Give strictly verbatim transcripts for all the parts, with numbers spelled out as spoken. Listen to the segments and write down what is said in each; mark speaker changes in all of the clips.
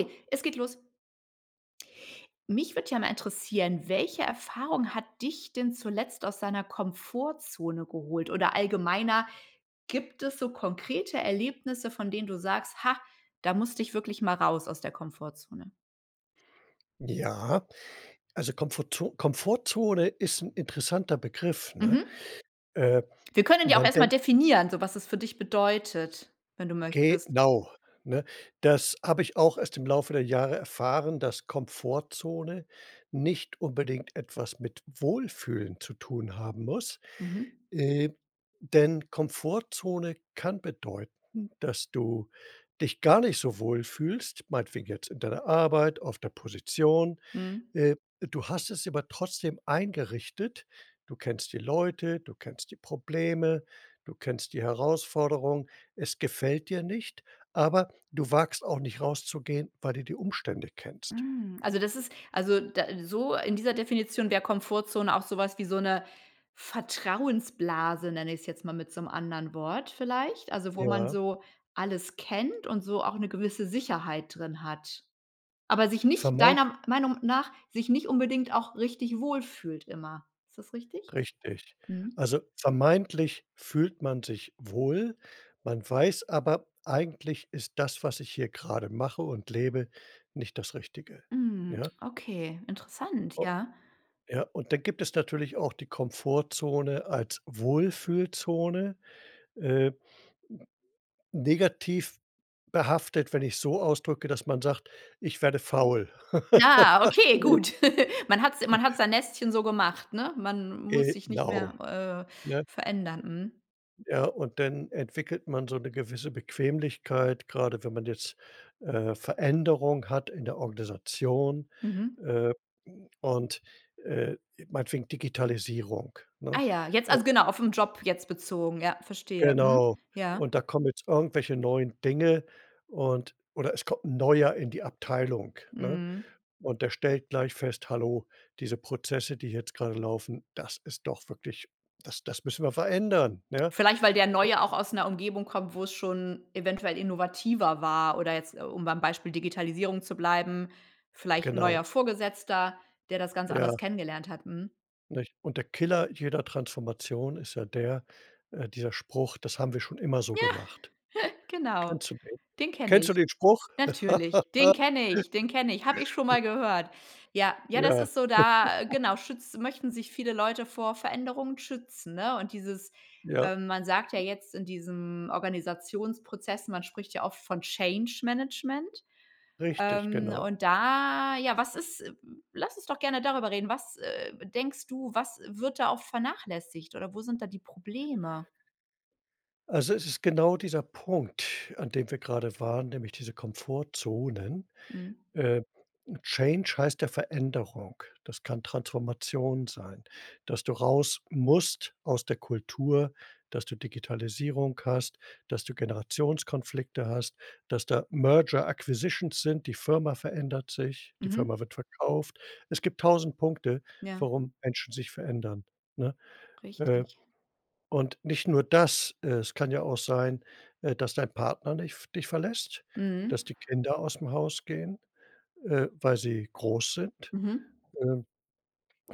Speaker 1: Okay, es geht los. Mich würde ja mal interessieren, welche Erfahrung hat dich denn zuletzt aus deiner Komfortzone geholt, oder allgemeiner, gibt es so konkrete Erlebnisse, von denen du sagst: „Ha, da musst ich wirklich mal raus aus der Komfortzone?“
Speaker 2: Ja, also, Komfortzo Komfortzone ist 'n interessanter Begriff, ne?
Speaker 1: Mhm.
Speaker 2: Äh,
Speaker 1: Wir können ja auch
Speaker 2: man
Speaker 1: erst mal
Speaker 2: denkt
Speaker 1: definieren, so was es für dich bedeutet, wenn du möchtest.
Speaker 2: genau, ne? Das hab ich auch erst im Laufe der Jahre erfahren, dass Komfortzone nicht unbedingt etwas mit Wohlfühlen zu tun haben muss.
Speaker 1: Mhm.
Speaker 2: Äh, denn Komfortzone kann bedeuten, dass du dich gar nicht so wohlfühlst, meinetwegen jetzt, in deiner Arbeit, auf der Position.
Speaker 1: Mhm.
Speaker 2: Äh, du hast es dir aber trotzdem eingerichtet. Du kennst die Leute, du kennst die Probleme, du kennst die Herausforderung. Es gefällt dir nicht, aber du wagst auch nicht rauszugehen, weil du die Umstände kennst.
Speaker 1: Hm, also, das ist also, da so in dieser Definition der Komfortzone auch sowas wie so 'ne „Vertrauensblase“, nenne ich es jetzt mal mit so 'nem anderen Wort vielleicht? Also, wo man
Speaker 2: Ja.
Speaker 1: so alles kennt und so auch 'ne gewisse Sicherheit drin hat. Aber sich nicht,
Speaker 2: Vermei
Speaker 1: deiner Meinung nach sich nicht unbedingt auch richtig wohlfühlt immer. Ist das richtig?
Speaker 2: Richtig.
Speaker 1: Mhm.
Speaker 2: Also, vermeintlich fühlt man sich wohl. Man weiß aber: „Eigentlich ist das, was ich hier grade mache und lebe, nicht das Richtige“,
Speaker 1: Mhm.
Speaker 2: ja?
Speaker 1: Okay, interessant,
Speaker 2: O
Speaker 1: ja.
Speaker 2: ja, und dann gibt es natürlich auch die Komfortzone als Wohlfühlzone. Äh negativ behaftet, wenn ich's so ausdrücke, dass man sagt: „Ich werde faul.“
Speaker 1: Ah, okay gut. Man hat's man hat's sein Nestchen so gemacht, ne? Man muss sich nicht
Speaker 2: Genau,
Speaker 1: mehr, äh,
Speaker 2: ne?
Speaker 1: verändern, mhm.
Speaker 2: Ja, und dann entwickelt man so 'ne gewisse Bequemlichkeit, gerade wenn man jetzt, äh, Veränderung hat in der Organisation,
Speaker 1: Mhm.
Speaker 2: äh, und, äh, meinetwegen Digitalisierung,
Speaker 1: Ah
Speaker 2: ne?
Speaker 1: ja, jetzt also,
Speaker 2: Und
Speaker 1: genau, auf 'n Job jetzt bezogen, ja, verstehe, mhm,
Speaker 2: Genau.
Speaker 1: ja.
Speaker 2: Und da kommen jetzt irgendwelche neuen Dinge und oder es kommt 'n Neuer in die Abteilung, ne?
Speaker 1: Mhm.
Speaker 2: Und der stellt gleich fest: „Hallo, diese Prozesse, die jetzt grade laufen, das ist doch wirklich, das das müssen wir verändern, ne?“.
Speaker 1: Vielleicht weil der
Speaker 2: [unintelligible]
Speaker 1: Neue auch aus 'ner Umgebung kommt, wo es schon eventuell innovativer war oder jetzt, äh, um beim Beispiel Digitalisierung zu bleiben, vielleicht 'n
Speaker 2: Genau.
Speaker 1: neuer Vorgesetzter, der das ganz anders
Speaker 2: Ja.
Speaker 1: kennengelernt hat, mhm.
Speaker 2: Nicht? Und der Killer jeder Transformation ist ja der äh, dieser Spruch: „Das haben wir schon immer so
Speaker 1: Ja,
Speaker 2: gemacht.“
Speaker 1: genau,
Speaker 2: Kennst du den?
Speaker 1: den kenne
Speaker 2: Kennst du
Speaker 1: ich.
Speaker 2: den Spruch?
Speaker 1: Natürlich, den kenne ich dene kenn ich, habe ich schon mal gehört. Ja, ja das
Speaker 2: Ja.
Speaker 1: ist so da genau schütz möchten sich viele Leute vor Veränderungen schützen, ne? Und dieses
Speaker 2: Ja.
Speaker 1: ähm, man sagt ja
Speaker 2: [unintelligible]
Speaker 1: jetzt in diesem Organisationsprozess man spricht ja oft von Change Management,
Speaker 2: Richtig,
Speaker 1: ähm,
Speaker 2: genau.
Speaker 1: und da ja, was ist Lass uns doch gerne darüber reden. Was, äh, denkst du was wird da auch vernachlässigt, oder wo sind da die Probleme?
Speaker 2: Also, es ist genau dieser Punkt, an dem wir gerade waren, nämlich diese Komfortzone.
Speaker 1: Mhm.
Speaker 2: Ähm, change heißt ja Veränderung, das kann Transformation sein. Dass du raus musst aus der Kultur, dass du Digitalisierung hast, dass du Generationskonflikte hast, dass da merger acquisitions sind. Die Firma verändert sich, die Firma
Speaker 1: Mhm.
Speaker 2: wird verkauft. Es gibt tausend Punkte,
Speaker 1: Ja.
Speaker 2: warum Menschen sich verändern, ne? Äh,
Speaker 1: Richtig.
Speaker 2: und nicht nur das, es kann ja auch sein, äh, dass dein Partner nicht v dich verlässt,
Speaker 1: Mhm.
Speaker 2: dass die Kinder aus dem Haus gehen, äh, weil sie groß sind.
Speaker 1: Mhm.
Speaker 2: Ähm,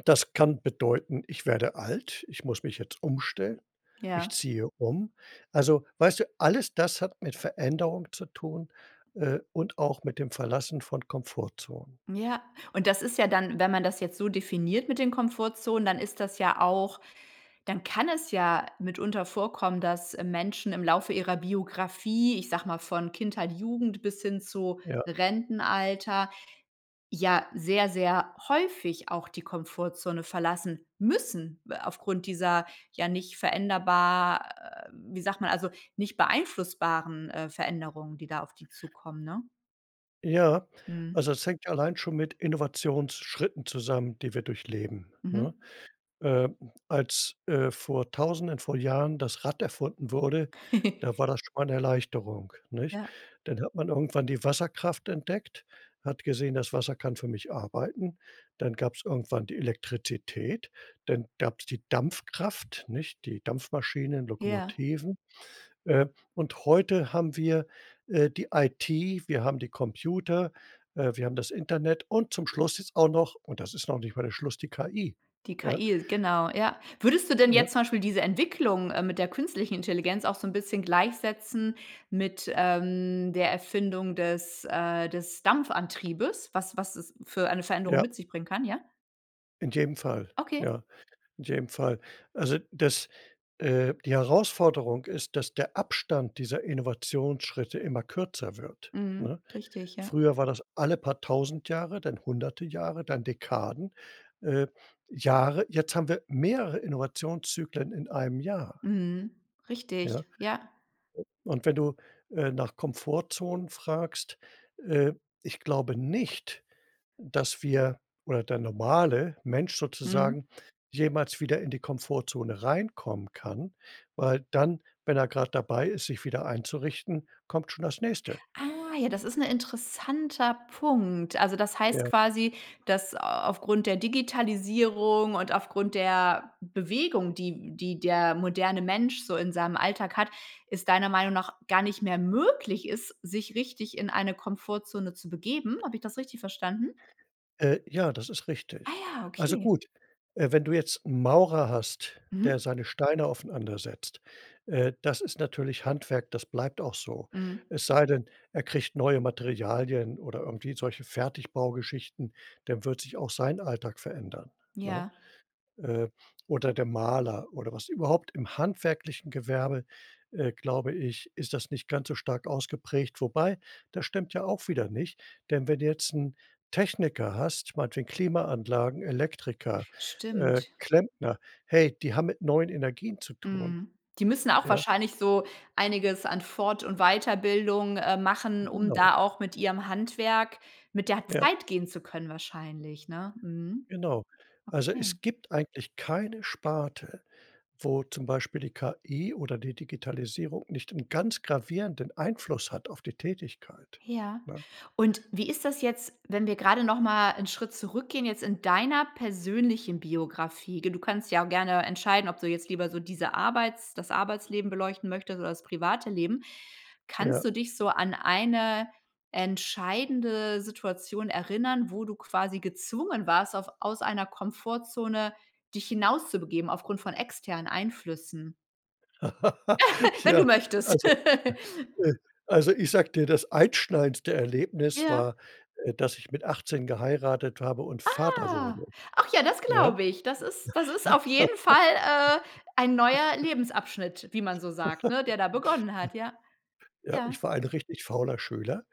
Speaker 2: das kann bedeuten: „Ich werde alt, ich muss mich jetzt umstellen, ich
Speaker 1: Ja.
Speaker 2: ziehe um.“ Also, weißt du, alles das hat mit Veränderung zu tun, äh, und auch mit dem Verlassen von Komfortzonen.
Speaker 1: Ja, und das ist ja dann wenn man das jetzt so definiert mit den Komfortzonen, dann ist das ja auch dann kann es ja mitunter vorkommen, dass Menschen im Laufe ihrer Biografie, ich sage mal von Kindheit, Jugend bis hin zu
Speaker 2: Ja.
Speaker 1: Rentenalter, ja sehr, sehr häufig auch die Komfortzone verlassen müssen w aufgrund dieser ja nicht veränderbar wie sagt man also, nicht beeinflussbaren, äh, Veränderungen, die da auf die zukommen, ne?
Speaker 2: Ja,
Speaker 1: Mhm.
Speaker 2: also, das hängt allein schon mit Innovationsschritten zusammen, die wir durchleben, ne?
Speaker 1: Mhm.
Speaker 2: Ähm, als, äh, vor Tausenden vor Jahren das Rad erfunden wurde, da war das schon mal 'ne Erleichterung, nicht?
Speaker 1: Ja.
Speaker 2: Dann hat man irgendwann die Wasserkraft entdeckt, hat gesehen, das Wasser kann für mich arbeiten. Dann gab's irgendwann die Elektrizität, dann gab's die Dampfkraft, nicht? Die Dampfmaschinen,
Speaker 1: Ja.
Speaker 2: Lokomotiven. Äh, und heute haben wir, äh, die IT, wir haben die Computer, äh, wir haben das Internet und zum Schluss jetzt auch noch- und das ist noch nicht mal der Schluss- die KI,
Speaker 1: Die
Speaker 2: ja.
Speaker 1: KI, genau, ja. Würdest du denn
Speaker 2: Ne?
Speaker 1: jetzt zum Beispiel diese Entwicklung, ähm, mit der Künstlichen Intelligenz auch so 'n bisschen gleichsetzen mit, ähm, der Erfindung des, äh des Dampfantriebes, was was es für eine Veränderung
Speaker 2: Ja.
Speaker 1: mit sich bringen kann, ja?
Speaker 2: In jedem Fall,
Speaker 1: Okay.
Speaker 2: ja. In jedem Fall. Also, das, äh die Herausforderung ist, dass der Abstand dieser Innovationsschritte immer kürzer wird,
Speaker 1: Mhm.
Speaker 2: ne?
Speaker 1: Richtig, ja.
Speaker 2: Früher war das alle paar tausend Jahre, dann hunderte Jahre, dann Dekaden, äh Jahre. Jetzt haben wir mehrere Innovationszyklen in einem Jahr.
Speaker 1: Mhm.
Speaker 2: Ja.
Speaker 1: Richtig, ja.
Speaker 2: U Und wenn du, äh, nach Komfortzonen fragst, äh, ich glaube nicht, dass wir oder der normale Mensch
Speaker 1: Mhm.
Speaker 2: sozusagen jemals wieder in die Komfortzone reinkommen kann. Weil dann, wenn er grad dabei ist, sich wieder einzurichten, kommt schon das Nächste.
Speaker 1: Ah, ja, das ist 'n interessanter Punkt. Also, das heißt
Speaker 2: Ja.
Speaker 1: quasi, dass au aufgrund der Digitalisierung und aufgrund der Bewegung, die die der moderne Mensch so in seinem Alltag hat, es deiner Meinung nach gar nicht mehr möglich ist, sich richtig in eine Komfortzone zu begeben. Habe ich das richtig verstanden?
Speaker 2: Äh, ja, das ist
Speaker 1: Ah
Speaker 2: richtig.
Speaker 1: ja,
Speaker 2: Also,
Speaker 1: okay.
Speaker 2: gut, äh, wenn du jetzt 'n Maurer hast, der
Speaker 1: Mhm.
Speaker 2: seine Steine aufeinander setzt, äh, das ist natürlich Handwerk, das bleibt auch so.
Speaker 1: Mhm.
Speaker 2: Es sei denn, er kriegt neue Materialien oder irgendwie solche Fertigbaugeschichten, dann wird sich auch sein Alltag verändern, ne?
Speaker 1: Ja.
Speaker 2: Äh, oder der Maler oder was überhaupt, im handwerklichen Gewerbe, äh, glaube ich, ist das nicht ganz so stark ausgeprägt. Wobei, das stimmt ja auch wieder nicht, denn wenn du jetzt 'n Techniker hast, meinetwegen Klimaanlagen, Elektriker, äh,
Speaker 1: Stimmt.
Speaker 2: Klempner, hey, die haben mit neuen Energien zu tun.
Speaker 1: Mhm. Die müssen auch
Speaker 2: Ja.
Speaker 1: wahrscheinlich so einiges an Fort und Weiterbildung, äh, machen, um
Speaker 2: Genau.
Speaker 1: da auch mit ihrem Handwerk mit der
Speaker 2: Ja.
Speaker 1: Zeit gehen zu können wahrscheinlich, ne? Mhm.
Speaker 2: Genau. Also,
Speaker 1: Okay.
Speaker 2: es gibt eigentlich keine Sparte, wo zum Beispiel die KI oder die Digitalisierung nicht 'n ganz gravierenden Einfluss hat auf die Tätigkeit,
Speaker 1: Ja,
Speaker 2: ne?
Speaker 1: und wie ist das jetzt, wenn wir gerade noch mal 'n Schritt zurückgehen jetzt in deiner persönlichen Biografie? G du kannst dich ja auch gerne entscheiden, ob du jetzt lieber so diese Arbeits das Arbeitsleben beleuchten möchtest oder das private Leben. Kannst
Speaker 2: Ja.
Speaker 1: du dich so an eine entscheidende Situation erinnern, wo du quasi gezwungen warst auf aus einer Komfortzone dich hinauszubegeben aufgrund von externen Einflüssen? Wenn du
Speaker 2: Ja,
Speaker 1: möchtest.
Speaker 2: also, äh also, ich sage dir, das einschneidenste Erlebnis
Speaker 1: Ja.
Speaker 2: war, äh, dass ich mit achtzehn geheiratet habe und Vater
Speaker 1: Ah,
Speaker 2: wurde,
Speaker 1: ach ja, das
Speaker 2: ja?
Speaker 1: glaube ich. Das ist das ist auf jeden Fall, äh, ein neuer Lebensabschnitt, wie man so sagt, ne? Der da begonnen hat, ja.
Speaker 2: Ja,
Speaker 1: Ja.
Speaker 2: ich war ein richtig fauler Schüler.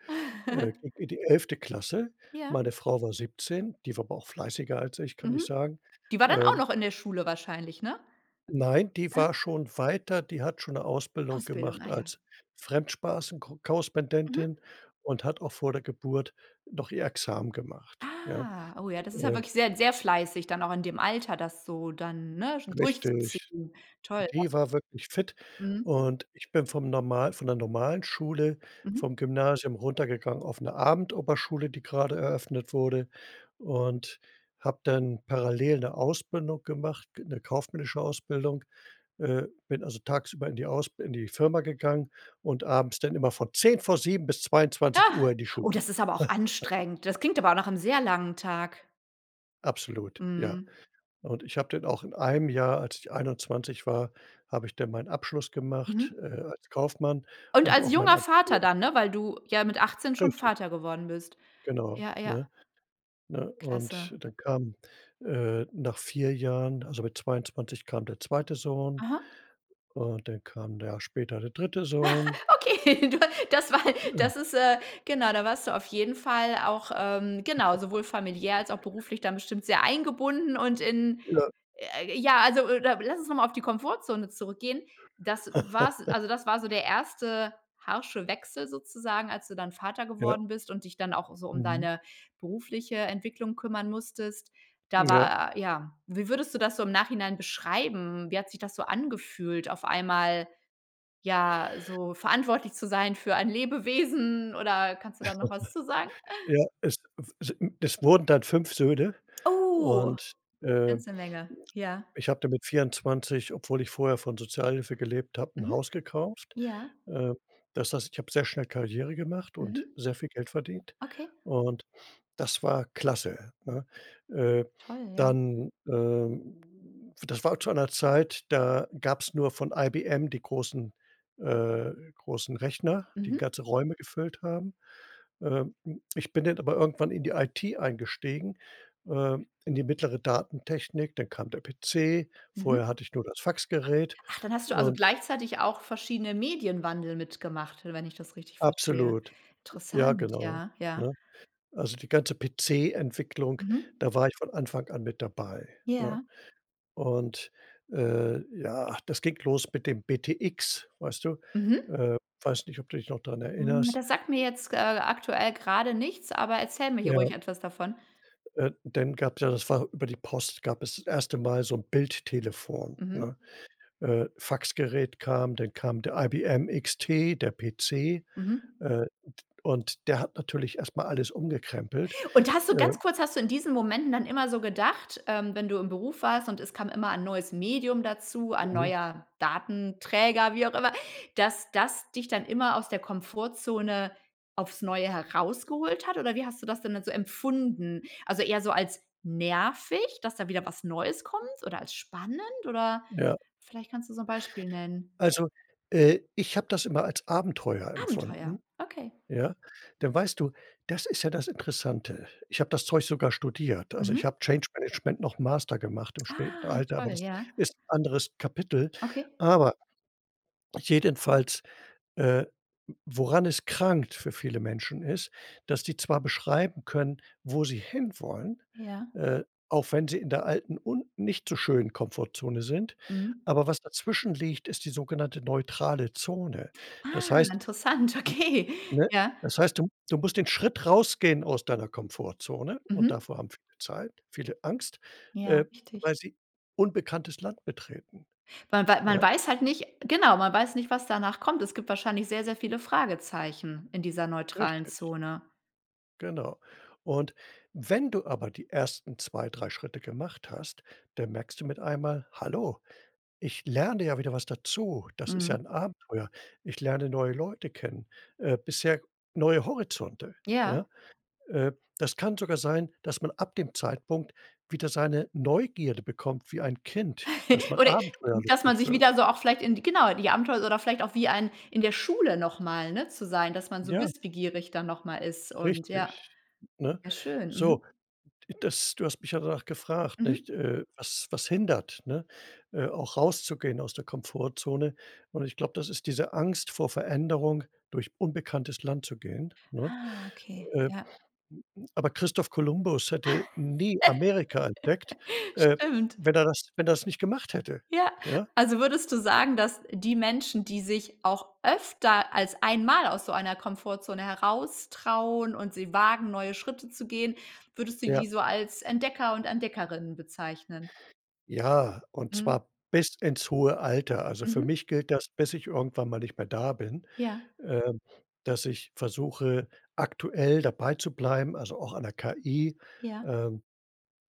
Speaker 2: Äh, ging in die elfte Klasse.
Speaker 1: Ja.
Speaker 2: Meine Frau war siebzehn, die war aber auch fleißiger als ich, kann ich
Speaker 1: Mhm.
Speaker 2: sagen,
Speaker 1: Die war dann
Speaker 2: äh
Speaker 1: auch noch in der Schule wahrscheinlich, ne?
Speaker 2: Nein, die war schon weiter, die hat schon 'ne Ausbildung
Speaker 1: Ausbildung,
Speaker 2: gemacht
Speaker 1: ah ja.
Speaker 2: als Fremdspaßenko
Speaker 1: Mhm.
Speaker 2: Korrespondentin und hat auch vor der Geburt noch ihr Examen gemacht, ja.
Speaker 1: Ah, oh ja, das ist ja
Speaker 2: Äh
Speaker 1: wirklich sehr, sehr fleißig dann auch in dem Alter, das so dann, ne, schon
Speaker 2: Richtig.
Speaker 1: durchzuziehen, toll, ja.
Speaker 2: Die war wirklich fit.
Speaker 1: Mhm.
Speaker 2: Und ich bin vom normal von der normalen Schule
Speaker 1: Mhm.
Speaker 2: vom Gymnasium runtergegangen auf 'ne Abendoberschule, die grade eröffnet wurde und habe dann parallel 'ne Ausbildung gemacht, 'ne kaufmännische Ausbildung. Äh, bin also tagsüber in die aus in die Firma gegangen und abends dann immer von zehn vor sieben bis zweiundzwanzig Uhr in die
Speaker 1: Oh,
Speaker 2: Schule.
Speaker 1: das ist aber auch anstrengend. Das klingt aber auch nach 'nem sehr langen Tag.
Speaker 2: Absolut, ja.
Speaker 1: Mhm.
Speaker 2: Und ich habe dann auch in einem Jahr als ich einundzwanzig war, habe ich dann meinen Abschluss gemacht,
Speaker 1: Mhm.
Speaker 2: äh, als Kaufmann
Speaker 1: Und
Speaker 2: und
Speaker 1: als
Speaker 2: auch mein
Speaker 1: junger Vater
Speaker 2: Abitur.
Speaker 1: dann, ne, weil du ja mit achtzehn schon
Speaker 2: Richtig.
Speaker 1: Vater geworden bist.
Speaker 2: Genau,
Speaker 1: Ja, ja.
Speaker 2: ne? Ne?
Speaker 1: Klasse.
Speaker 2: Und dann kam, äh, nach vier Jahren also mit zweiundzwanzig kam der zweite Sohn
Speaker 1: Aha.
Speaker 2: und dann kam 'n Jahr später der dritte Sohn.
Speaker 1: Okay, da das war das ist, äh genau da warst du auf jeden Fall auch, ähm, genau, sowohl familiär als auch beruflich dann bestimmt sehr eingebunden und in,
Speaker 2: Ja.
Speaker 1: j ja also oder lass uns noch mal auf die Komfortzone zurückgehen. Das war's also das war so der erste harsche Wechsel sozusagen, als du dann Vater
Speaker 2: Ja.
Speaker 1: geworden bist und dich dann auch so um
Speaker 2: Mhm.
Speaker 1: deine berufliche Entwicklung kümmern musstest. Da
Speaker 2: Ja.
Speaker 1: war, ja wie würdest du das so im Nachhinein beschreiben? Wie hat sich das so angefühlt, auf einmal, ja, so verantwortlich zu sein für ein Lebewesen oder kannst du da noch was zu sagen?
Speaker 2: Ja, es w sin es wurden dann fünf Söhne.
Speaker 1: Oh.
Speaker 2: Und, äh,
Speaker 1: Ganze Menge, ja.
Speaker 2: ich habe da mit vierundzwanzig, obwohl ich vorher von Sozialhilfe gelebt habe, 'n
Speaker 1: Mhm.
Speaker 2: Haus gekauft.
Speaker 1: Ja.
Speaker 2: Äh, das heißt, ich habe sehr schnell Karriere gemacht
Speaker 1: Mhm.
Speaker 2: und sehr viel Geld verdient.
Speaker 1: Okay.
Speaker 2: Und das war klasse, ne? Äh,
Speaker 1: Toll, ja.
Speaker 2: dann, ähm das war zu einer Zeit, da gab's nur von IBM die großen äh, großen Rechner, die
Speaker 1: Mhm.
Speaker 2: ganze Räume gefüllt haben. Ähm, ich bin dann aber irgendwann in die IT eingestiegen, ähm, in die mittlere Datentechnik. Dann kam der PC,
Speaker 1: Mhm.
Speaker 2: vorher hatte ich nur das Faxgerät.
Speaker 1: Ach, dann hast du also
Speaker 2: Und
Speaker 1: gleichzeitig auch verschiedene Medienwandel mitgemacht, wenn ich das richtig verstehe.
Speaker 2: Absolut, ja
Speaker 1: Interessant,
Speaker 2: genau,
Speaker 1: ja, ja.
Speaker 2: ne? Also, die ganze PC-Entwicklung,
Speaker 1: Mhm.
Speaker 2: da war ich von Anfang an mit dabei, ne?
Speaker 1: Ja.
Speaker 2: Und, äh, ja, das ging los mit dem BTX, weißt du.
Speaker 1: Mhm.
Speaker 2: Äh, weiß nicht, ob du dich noch dran
Speaker 1: Hm.
Speaker 2: erinnerst.
Speaker 1: Das sagt mir jetzt, g äh, aktuell grade nichts, aber erzähle mir hier
Speaker 2: Ja.
Speaker 1: ruhig etwas davon.
Speaker 2: Äh, dann gab's ja das war über die Post gab es das erste Mal so 'n Bildtelefon,
Speaker 1: Mhm.
Speaker 2: ne? Äh, Faxgerät kam, dann kam der IBM XT, der PC,
Speaker 1: Mhm.
Speaker 2: äh, und und der hat natürlich erst mal alles umgekrempelt.
Speaker 1: Und hast du ganz
Speaker 2: Äh
Speaker 1: kurz hast du in diesen Momenten dann immer so gedacht ähm, wenn du im Beruf warst und es kam immer 'n neues Medium dazu, ein
Speaker 2: Mhm.
Speaker 1: neuer Datenträger, wie auch immer, dass das dich dann immer aus der Komfortzone aufs Neue herausgeholt hat, oder wie hast du das denn dann so empfunden? Also, eher so als nervig, dass da wieder was Neues kommt, oder als spannend oder
Speaker 2: Ja.
Speaker 1: vielleicht kannst du so 'n Beispiel nennen.
Speaker 2: Also äh, ich habe das immer als Abenteuer
Speaker 1: Abenteuer,
Speaker 2: empfunden,
Speaker 1: okay.
Speaker 2: ja. Denn weißt du, das ist ja das Interessante. Ich habe das Zeug sogar studiert. Also, ich
Speaker 1: Mhm.
Speaker 2: habe Change Management noch 'n Master gemacht im späten
Speaker 1: Ah,
Speaker 2: Alter, aber
Speaker 1: toll,
Speaker 2: das
Speaker 1: ja.
Speaker 2: ist 'n anderes Kapitel.
Speaker 1: Okay.
Speaker 2: Aber jedenfalls, äh, woran es krankt für viele Menschen ist, dass die zwar beschreiben können, wo sie hinwollen,
Speaker 1: Ja.
Speaker 2: äh, auch wenn sie in der alten und nicht so schönen Komfortzone sind,
Speaker 1: Mhm.
Speaker 2: aber was dazwischen liegt, ist die sogenannte neutrale Zone. Das
Speaker 1: Ah,
Speaker 2: heißt
Speaker 1: interessant, okay,
Speaker 2: ne?
Speaker 1: ja.
Speaker 2: Das heißt, du m du musst den Schritt rausgehen aus deiner Komfortzone und
Speaker 1: Mhm.
Speaker 2: davor haben viele Zeit viele Angst,
Speaker 1: Ja,
Speaker 2: äh,
Speaker 1: richtig.
Speaker 2: weil sie unbekanntes Land betreten,
Speaker 1: Wa weil ma man
Speaker 2: ja?
Speaker 1: weiß halt nicht genau, man weiß nicht, was danach kommt. Es gibt wahrscheinlich sehr, sehr viele Fragezeichen in dieser neutralen
Speaker 2: Richtig.
Speaker 1: Zone.
Speaker 2: Genau. Und, wenn du aber die ersten zwei, drei Schritte gemacht hast, dann merkst du mit einmal: „Hallo, ich lerne ja wieder was dazu, das ist ja
Speaker 1: Mhm.
Speaker 2: 'n Abenteuer. Ich lerne neue Leute kennen, äh, bisher neue Horizonte.“
Speaker 1: Ja.
Speaker 2: Ja? Äh, das kann sogar sein, dass man ab dem Zeitpunkt wieder seine Neugierde bekommt wie ein Kind, dass man
Speaker 1: Oder dass man
Speaker 2: abenteuerlustig
Speaker 1: sich wieder
Speaker 2: wird.
Speaker 1: so auch vielleicht in die genau, die Abenteuer oder vielleicht auch wie ein In der Schule noch mal, ne, zu sein, dass man so
Speaker 2: Ja.
Speaker 1: wissbegierig dann noch mal ist und ja.
Speaker 2: Richtig, ne?
Speaker 1: Ja schön. Mhm.
Speaker 2: So, das du hast mich ja danach gefragt, nicht,
Speaker 1: Mhm.
Speaker 2: äh, was was hindert, ne, äh, auch rauszugehen aus der Komfortzone. Und ich glaube, das ist diese Angst vor Veränderung, durch unbekanntes Land zu gehen, ne?
Speaker 1: Ah, okay.
Speaker 2: Äh, a
Speaker 1: Ja.
Speaker 2: aber Christoph Kolumbus hätte nie Amerika entdeckt, äh,
Speaker 1: Stimmt.
Speaker 2: wenn er das wenn er's nicht gemacht hätte,
Speaker 1: Ja,
Speaker 2: ja.
Speaker 1: also würdest du sagen, dass die Menschen, die sich auch öfter als einmal aus so einer Komfortzone heraus trauen und sie wagen, neue Schritte zu gehen, würdest du die
Speaker 2: Ja.
Speaker 1: so als Entdecker und Entdeckerinnen bezeichnen?
Speaker 2: Ja, und
Speaker 1: Mhm.
Speaker 2: zwar bis ins hohe Alter. Also, für
Speaker 1: Mhm.
Speaker 2: mich gilt das, bis ich irgendwann mal nicht mehr da bin,
Speaker 1: Ja.
Speaker 2: ähm, dass ich versuche, aktuell dabeizubleiben, also auch an 'ner KI.
Speaker 1: Ja.
Speaker 2: Ähm,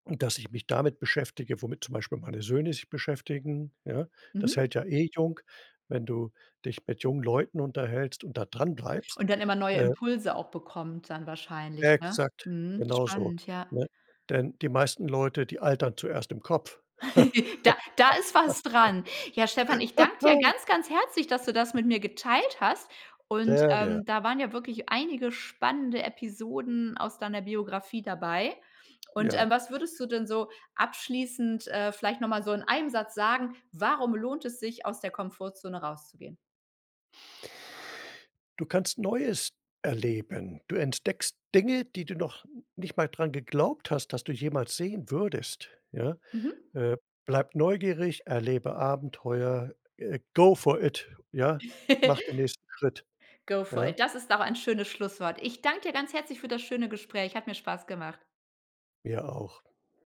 Speaker 2: und dass ich mich damit beschäftige, womit zum Beispiel meine Söhne sich beschäftigen, ja? Das
Speaker 1: Mhm.
Speaker 2: hält ja eh jung, wenn du dich mit jungen Leuten unterhältst und da dranbleibst.
Speaker 1: Und dann immer neue
Speaker 2: Äh
Speaker 1: Impulse auch bekommt dann wahrscheinlich ne?
Speaker 2: Exakt,
Speaker 1: Mhm.
Speaker 2: genauso,
Speaker 1: Spannend, ja.
Speaker 2: ne? Denn die meisten Leute, die altern zuerst im Kopf.
Speaker 1: Da da ist was dran. Ja, Stefan, ich danke dir ganz ganz herzlich, dass du das mit mir geteilt hast und,
Speaker 2: Sehr gern.
Speaker 1: ähm, da waren ja wirklich einige spannende Episoden aus deiner Biografie dabei. Und, ähm,
Speaker 2: Ja.
Speaker 1: was würdest du denn so abschließend, äh, vielleicht noch mal so in einem Satz sagen, warum lohnt es sich, aus der Komfortzone rauszugehen?
Speaker 2: Du kannst Neues erleben. Du entdeckst Dinge, die du noch nicht mal dran geglaubt hast, dass du jemals sehen würdest, ja.
Speaker 1: Mhm.
Speaker 2: Äh, bleib neugierig, erlebe Abenteuer, äh go for it ja? Mache den nächsten Schritt,
Speaker 1: Go for
Speaker 2: ja?
Speaker 1: it. Das ist aber ein schönes Schlusswort. Ich danke dir ganz herzlich für das schöne Gespräch. Hat mir Spaß gemacht.
Speaker 2: Mir auch.